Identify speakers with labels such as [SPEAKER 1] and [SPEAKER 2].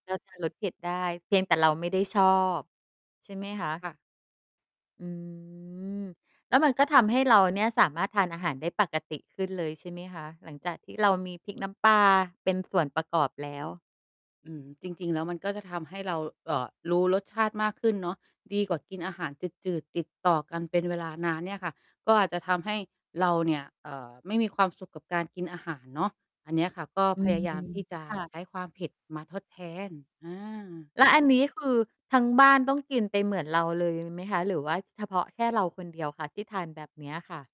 [SPEAKER 1] เราทานรสเผ็ดได้ เพียงแต่เราไม่ได้ชอบใช่ไหมคะ?
[SPEAKER 2] ค่ะ
[SPEAKER 1] อืม แล้วมันก็ทำให้เราเนี่ย สามารถทานอาหารได้ปกติขึ้นเลยใช่ไหมคะ? หลังจากที่เรามีพริกน้ำปลาเป็นส่วนประกอบแล้ว
[SPEAKER 2] อืม จริง ๆ แล้วมันก็จะทำให้เรา เอ่อ รู้รสชาติมากขึ้นเนาะ ดีกว่ากินอาหารจืด ๆ ติดต่อกันเป็นเวลานานเนี่ยค่ะ ก็อาจจะทำให้เราเนี่ย เอ่อ ไม่มีความสุขกับการกินอาหารเนาะ อันเนี้ยค่ะ ก็
[SPEAKER 1] อื
[SPEAKER 2] พ
[SPEAKER 1] ม
[SPEAKER 2] ยายามที่จะ
[SPEAKER 1] ค่ะ
[SPEAKER 2] ใช้ความเผ็ดมาทดแทน อา
[SPEAKER 1] แล้วอันนี้ คือทั้งบ้านต้องกินไปเหมือนเราเลยไหมคะ หรือว่าเฉพาะแค่เราคนเดียวคะที่ทานแบบเนี้ยค่ะ?